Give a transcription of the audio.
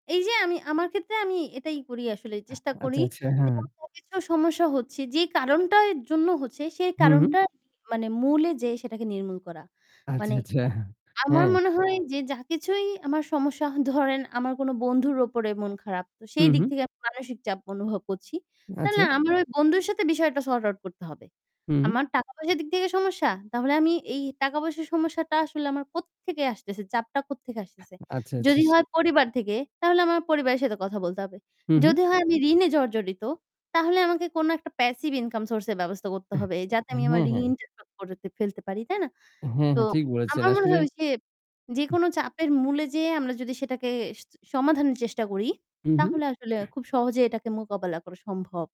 এই যে আমি আমার ক্ষেত্রে আমি এটাই করি আসলে চেষ্টা করি আচ্ছা, আচ্ছা। যে আমার কিছু সমস্যা হচ্ছে যে কারণটার জন্য হচ্ছে সেই হু, হু। কারণটা মানে মূলে যে সেটাকে নির্মূল করা। আচ্ছা, মানে আচ্ছা। আমার হ্যাঁ। মনে হয় যে যা কিছুই আমার সমস্যা ধরেন আমার কোনো বন্ধুর উপরে মন খারাপ। তো হু, সেই দিক হু। থেকে আমি মানসিক চাপ অনুভব করছি। তাহলে আচ্ছা। আমার ওই বন্ধুর সাথে বিষয়টা সর্ট আউট করতে হবে। হুম। আমার টাকা পয়সার দিক থেকে সমস্যা? তাহলে আমি এই টাকা পয়সার সমস্যাটা আসলে আমার কোত্থেকে আসতেছে? চাপটা কোত্থেকে আসতেছে। আচ্ছা, আচ্ছা। যদি হয় পরিবার থেকে, তাহলে আমার পরিবারের সাথে কথা বলতে হবে। হু, হু। যদি হয় আমি ঋণে জর্জরিত তাহলে আমাকে কোন একটা প্যাসিভ ইনকাম সোর্স এর ব্যবস্থা করতে হবে যাতে আমি আমার হ্যাঁ, হ্যাঁ। ঋণটা ফেলতে পারি। তাই না? হ্যাঁ তো ঠিক বলেছেন আমার মনে আসলে হয় ঐ যে যেকোনো চাপের মূলে যে আমরা যদি সেটাকে স সমাধানের চেষ্টা করি হু, হু। তাহলে আসলে খুব সহজে এটাকে মোকাবেলা করা সম্ভব।